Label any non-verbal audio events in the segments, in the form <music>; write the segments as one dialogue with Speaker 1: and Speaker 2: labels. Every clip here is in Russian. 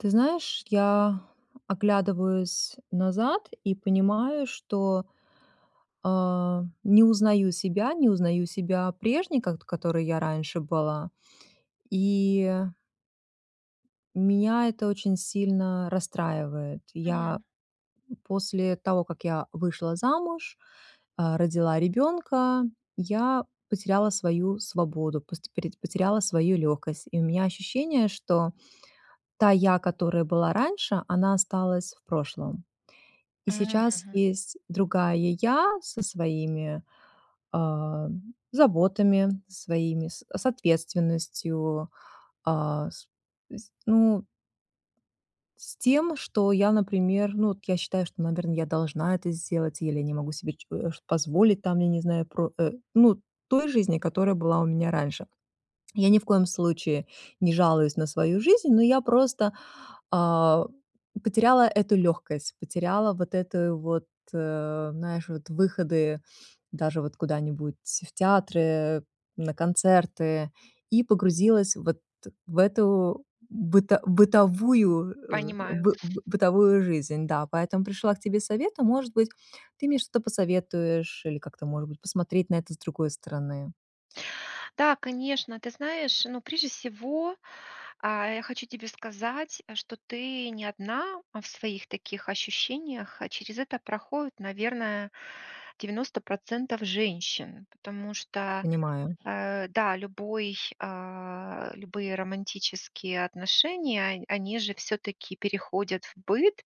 Speaker 1: Ты знаешь, я оглядываюсь назад и понимаю, что, а, не узнаю себя, не узнаю себя прежней, ко которой я раньше была. И, э меня это очень сильно расстраивает. Я
Speaker 2: Мгм.
Speaker 1: после того, как я вышла замуж, э, родила ребёнка, я потеряла свою свободу, посте пореть потеряла свою лёгкость. И у меня ощущение, что та я, которая была раньше, она осталась в прошлом. И
Speaker 2: М,
Speaker 1: сейчас
Speaker 2: мгм.
Speaker 1: есть другая я со своими, а заботами своими, с ответственностью. А с э, с ну с тем, что я, например, ну вот я считаю, что, наверно, я должна это сделать или я не могу себе че э, ш позволить там, я не знаю, про э, ну, той жизни, которая была у меня раньше. Я ни в коем случае не жалуюсь на свою жизнь, но я просто, а, потеряла эту лёгкость, потеряла вот эту вот, э, знаешь, вот выходы даже вот куда-нибудь в театры, э, на концерты. И погрузилась вот в эту быто бытовую, э,
Speaker 2: Понимаю.
Speaker 1: бы бытовую жизнь, да. Поэтому пришла к тебе советом, может быть, ты мне что-то посоветуешь, или как-то, может быть, посмотреть на это с другой стороны.
Speaker 2: Да, конечно, ты знаешь, ну, прежде всего, а я хочу тебе сказать, э, что ты не одна в своих таких ощущениях, а через это проходит, наверное, 90 % женщин. Потому что
Speaker 1: Понимаю.
Speaker 2: э, да, любой, а, любые романтические отношения, он они же всё-таки переходят в быт.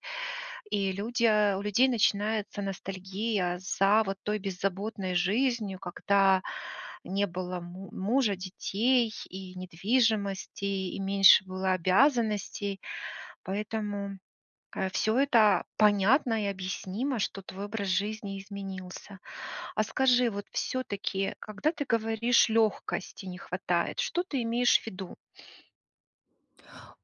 Speaker 2: И люди, э, у людей начинается ностальгия за вот той беззаботной жизнью, когда не было му мужа, детей и недвижимости, и меньше было обязанностей. Поэтому, э, всё это понятно и объяснимо, что твой образ жизни изменился. А скажи, вот всё-таки, когда ты говоришь: "Лёгкости не хватает", что ты имеешь в виду?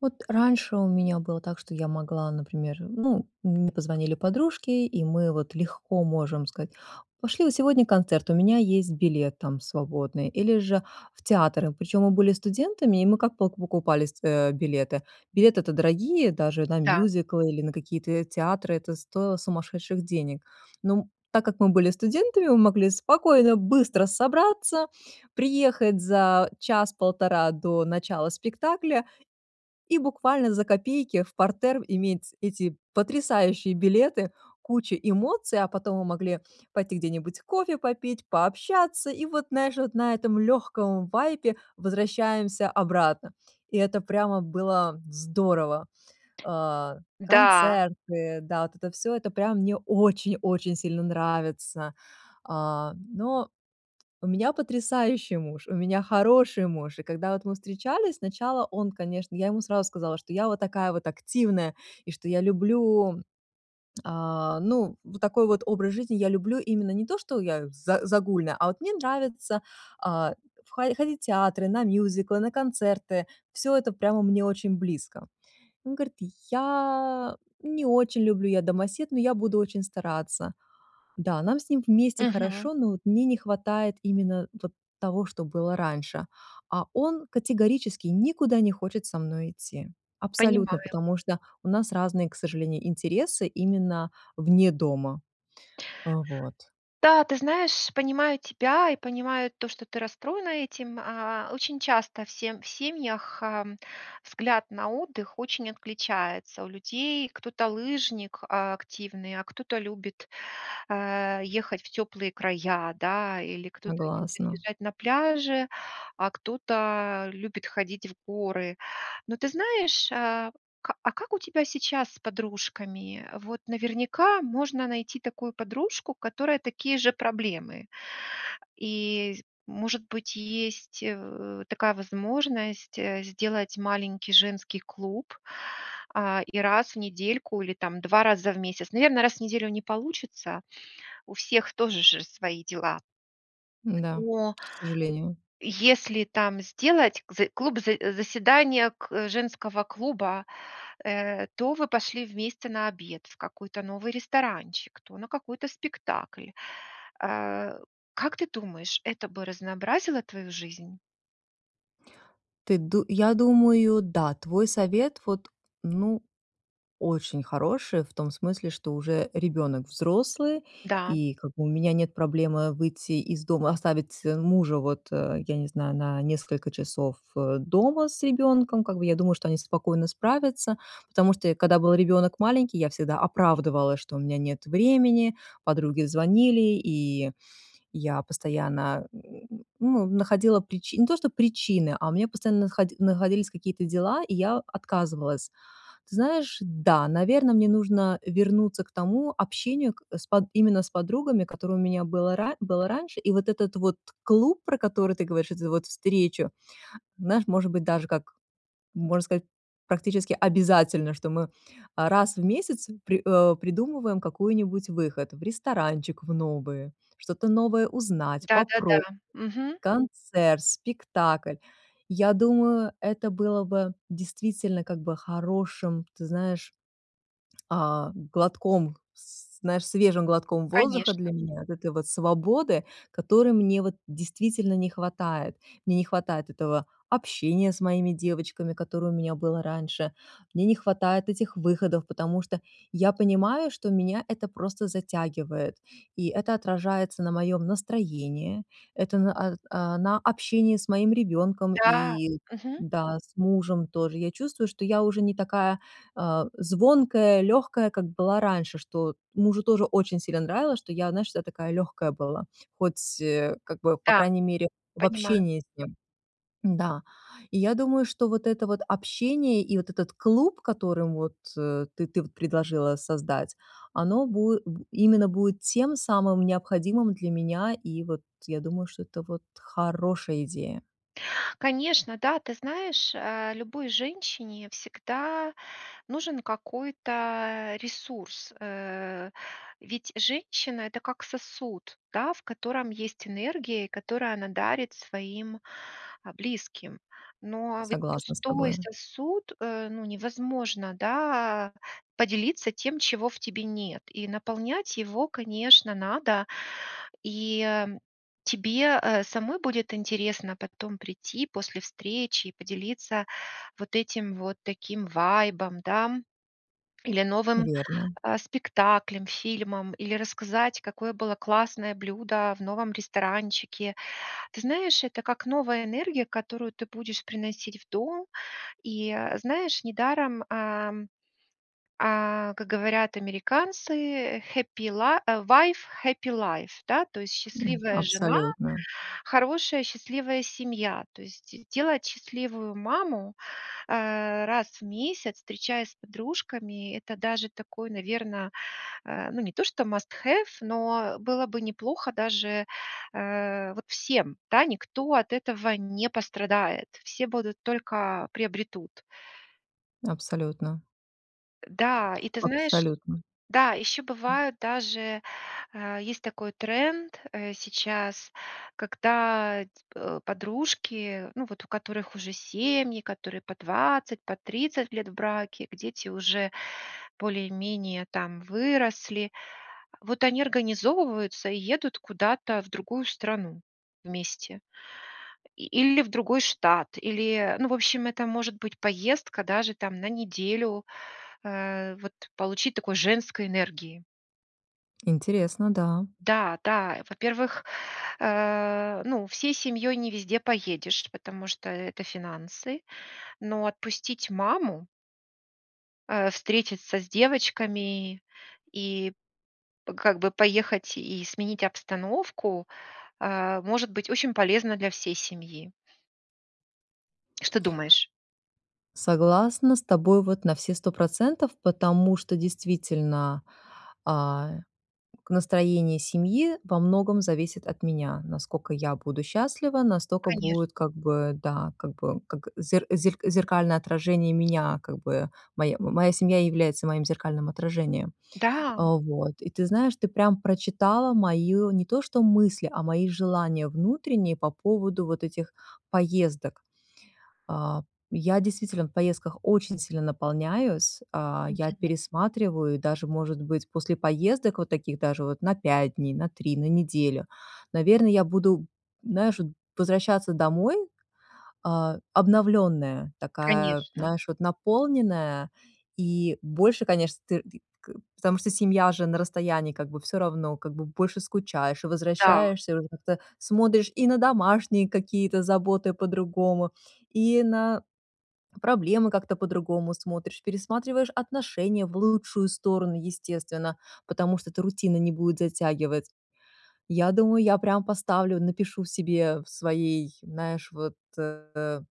Speaker 1: Вот раньше у меня было так, что я могла, например, ну, мне позвонили подружки, и мы вот легко можем сказать: "Пошли на сегодня концерт, у меня есть билет там свободный", или же в театр. И причём мы были студентами, и мы как пок покупались э билеты? Билеты-то дорогие, даже на
Speaker 2: Да.
Speaker 1: мюзиклы или на какие-то, э, театры это стоило сумасшедших денег. Но, м, так как мы были студентами, мы могли спокойно быстро собраться, приехать за час, полтора до начала спектакля и буквально за копейки в партер иметь эти потрясающие билеты, кучу эмоций. А потом мы могли пойти где-нибудь кофе попить, пообщаться. И вот, знаешь, вот на этом лёгком вайбе возвращаемся обратно. И это прямо было здорово. А,
Speaker 2: Да.
Speaker 1: концерты, да, вот это всё, это прям мне очень-очень сильно нравится. А, но у меня потрясающий муж, у меня хороший муж. И когда вот мы встречались, сначала он, конечно я ему сразу сказала, что я вот такая вот активная, и что я люблю, а, ну, вот такой вот образ жизни. Я люблю именно не то, что я за загульная, а вот мне нравится, а, в хо ходить в театры, на мюзиклы, на концерты, всё это прямо мне очень близко. И он говорит: "Я не очень люблю, я домосед, но я буду очень стараться". Да, нам с ним вместе
Speaker 2: Мгм.
Speaker 1: хорошо, но вот мне не хватает именно вот того, что было раньше. А он категорически никуда не хочет со мной идти. Абсолютно,
Speaker 2: Понимаю.
Speaker 1: потому что у нас разные, к сожалению, интересы именно вне дома. Э, вот.
Speaker 2: Да, ты знаешь, понимаю тебя и понимаю то, что ты расстроена этим. А очень часто в сем в семьях, эм, взгляд на отдых очень отличается у людей. Кто-то лыжник, а, активный, а кто-то любит, э, ехать в тёплые края, да. Или кто-то любит
Speaker 1: Согласна.
Speaker 2: лежать на пляже, а кто-то любит ходить в горы. Но, ты знаешь, а ка а как у тебя сейчас с подружками? Вот наверняка можно найти такую подружку, у которой такие же проблемы. И з может быть, есть, э, такая возможность, э, сделать маленький женский клуб, э, и раз в недельку или там 2 раза в месяц. Наверно, раз в неделю не получится. У всех тоже же свои дела.
Speaker 1: М-да,
Speaker 2: Но, а
Speaker 1: к сожалению.
Speaker 2: если там сделать зэ клуб за заседание к женского клуба. Э, то вы пошли вместе на обед в какой-то новый ресторанчик, то на какой-то спектакль. Э, как ты думаешь, это бы разнообразило твою жизнь?
Speaker 1: Ты ду я думаю, да, твой совет вот ну очень хороший, в том смысле, что уже ребёнок взрослый.
Speaker 2: Да.
Speaker 1: И как бы у меня нет проблемы выйти из дома, оставить, э, мужа, вот, э, я не знаю, на на несколько часов, э, дома с ребёнком. Как бы я, думаю, что они спокойно справятся, потому что я, когда был ребёнок маленький, я всегда оправдывалась, что у меня нет времени. Подруги звонили, и я постоянно, <grunts> ну, находила причи не то что причины, а у меня постоянно находи находились какие-то дела, и я отказывалась. Ты знаешь, да, наверно, мне нужно вернуться к тому общению к с под именно с подругами, которое у меня было ра было раньше. И вот этот вот клуб, про который ты говоришь, это вот встречу, знаешь, может быть, даже как можно сказать, практически обязательно, что мы, а, раз в один месяц при э придумываем какую-нибудь выход. В ресторанчик в новый, что-то новое
Speaker 2: М,
Speaker 1: узнать,
Speaker 2: да-да-да,
Speaker 1: попроб
Speaker 2: мгм.
Speaker 1: концерт, спектакль. Я думаю, это было бы действительно как бы хорошим, м, ты знаешь а, глотком, с знаешь, свежим глотком воздуха
Speaker 2: Конечно.
Speaker 1: для меня. Вот этой вот свободы, которой мне вот действительно не хватает. Мне не хватает этого общения с моими девочками, которое у меня было раньше. Мне не хватает этих выходов, потому что я, понимаю, что меня это просто затягивает. И это отражается на моем настроении. Это на а а, на общении с моим ребёнком
Speaker 2: Да,
Speaker 1: и,
Speaker 2: мгм.
Speaker 1: да, с мужем тоже. Я чувствую, что я уже не такая, а, звонкая, лёгкая, как была раньше. Что вот мужу тоже очень сильно нравилось, что я, знаешь, вся такая легкая была, хоть, э, как бы, по
Speaker 2: Да.
Speaker 1: крайней мере, в
Speaker 2: Понимаю.
Speaker 1: общении с ним. М-да, и я думаю, что вот это вот общение и вот этот клуб, которым, вот, э, ты ты предложила создать, оно бу э, бу именно будет тем самым необходимым для меня, и вот я думаю, что это вот хорошая идея.
Speaker 2: Конечно, да. Ты знаешь, э, любой женщине всегда нужен какой-то ресурс. Э, ведь женщина- это как сосуд, да, в котором есть энергия, и которую она дарит своим, а, близким. Но ведь
Speaker 1: Согласна с
Speaker 2: пустой
Speaker 1: тобою.
Speaker 2: сосуд, э, ну, невозможно, да, поделиться тем, чего в тебе нет, и наполнять его, конечно, надо. И, э, тебе, э, самой будет интересно потом прийти после встречи и поделиться вот этим вот таким вайбом, дам. Или новым,
Speaker 1: Верно.
Speaker 2: а, спектаклем, фильмом, или рассказать, какое было классное блюдо в новом ресторанчике. Ты знаешь, это как новая энергия, которую ты будешь приносить в дом. И, э, знаешь, недаром, эм, э, как говорят американцы: "Happy li" э, "wife happy life". Да, то есть
Speaker 1: М,
Speaker 2: счастливая жена-
Speaker 1: абсолютно.
Speaker 2: хорошая счастливая семья. То есть де делать счастливую маму, э, раз в месяц, встречаясь с подружками- это даже такой, наверно, э, ну, не то что must have, но было бы неплохо даже, э, вот всем, да. Никто от этого не пострадает, все будут только приобретут.
Speaker 1: Абсолютно.
Speaker 2: Э, да, и ты знаешь,
Speaker 1: Абсолютно.
Speaker 2: да, ещё
Speaker 1: М.
Speaker 2: бывают даже, а есть такой тренд, э, сейчас, когда, э, ь э, подружки, ну вот у которых уже семьи, которые по 20, по 30 лет в браке, где дети уже более-менее там выросли. Вот они организовываются и едут куда-то в другую страну вместе. И или в другой штат, или, э, ну, в общем, это может быть поездка даже там на неделю, э, вот получить такой женской энергии.
Speaker 1: Интересно, да.
Speaker 2: Да, да, э, во-первых, э, ну, всей семьёй не везде поедешь, потому что это финансы. Но отпустить маму э, встретиться с девочками и п как бы поехать и сменить обстановку, э, может быть очень полезно для всей семьи. Что думаешь?
Speaker 1: Согласна с тобой вот на все 100 %, потому что действительно, а, настроение семьи во многом зависит от меня. Насколько я буду счастлива, настолько будет,
Speaker 2: Конечно.
Speaker 1: как бы, да, как бы, как зе зер зеркальное отражение меня, как бы. Моя моя семья является моим зеркальным отражением.
Speaker 2: Да.
Speaker 1: Вот. И, ты знаешь, ты прям прочитала мои не то что мысли, а мои желания внутренние по поводу вот этих поездок. А, я действительно в поездках очень сильно наполняюсь, а. Я
Speaker 2: Мгм.
Speaker 1: пересматриваю, даже, может быть, после поездок вот таких, даже вот на 5 дней, на 3, на неделю. Наверное, я буду, знаешь, вот возвращаться домой, а, обновлённая, такая,
Speaker 2: Конечно.
Speaker 1: знаешь, вот наполненная. И больше, конечно, ты т к потому что семья же на расстоянии, как бы, всё равно, как бы, больше скучаешь и
Speaker 2: Да.
Speaker 1: возвращаешься, уже как-то смотришь и на домашние какие-то заботы по-другому, и на проблемы как-то по-другому смотришь. Пересматриваешь отношения в лучшую сторону, естественно, потому что это рутина не будет затягивать. Я думаю, я прямо поставлю напишу себе в своей, знаешь, вот, э, э,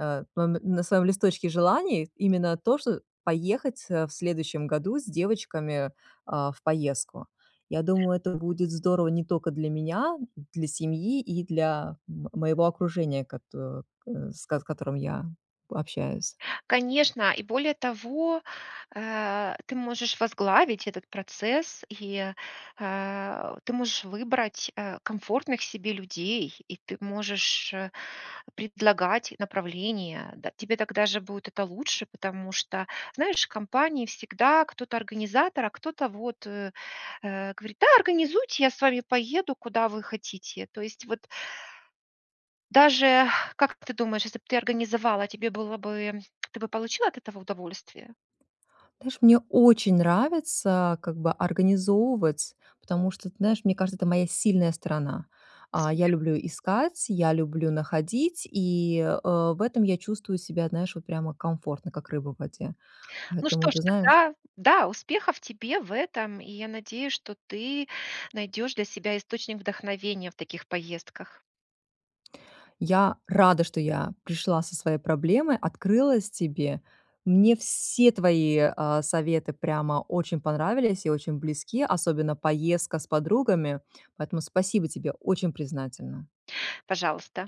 Speaker 1: э, мом на своём листочке желаний именно то, что поехать в следующем году с девочками, а, в поездку. Я думаю, это будет здорово не только для меня, для семьи и для м моего окружения, кото э, с с которым я общаюсь.
Speaker 2: Конечно, и более того, э, ты можешь возглавить этот процесс, и, э, ты можешь выбрать, э, комфортных себе людей, и ты можешь, э, предлагать направление, да. Тебе тогда же будет это лучше, потому что, знаешь, в компании всегда кто-то организатор, а кто-то вот, э, говорит: "Да, организуйте, я с вами поеду, куда вы хотите". То есть вот Даже, как ты думаешь, если б ты организовала, тебе было бы ты бы получила от этого удовольствие?
Speaker 1: Знаешь, мне очень нравится, как бы, организовывать, потому что, ты знаешь, мне кажется, это моя сильная сторона. А, я
Speaker 2: Супер.
Speaker 1: люблю искать, я люблю находить, и, э, в этом я чувствую себя, знаешь, вот прямо комфортно, как рыба в воде,
Speaker 2: Ну что
Speaker 1: поэтому,
Speaker 2: ж,
Speaker 1: ты знаешь
Speaker 2: тогда, да, успехов тебе в этом, и я надеюсь, что ты найдёшь для себя источник вдохновения в таких поездках.
Speaker 1: Я рада, что я пришла со своей проблемой, открылась тебе. Мне все твои, а, советы прямо очень понравились и очень близки, особенно поездка с подругами, поэтому спасибо тебе, очень признательна.
Speaker 2: Пожалуйста.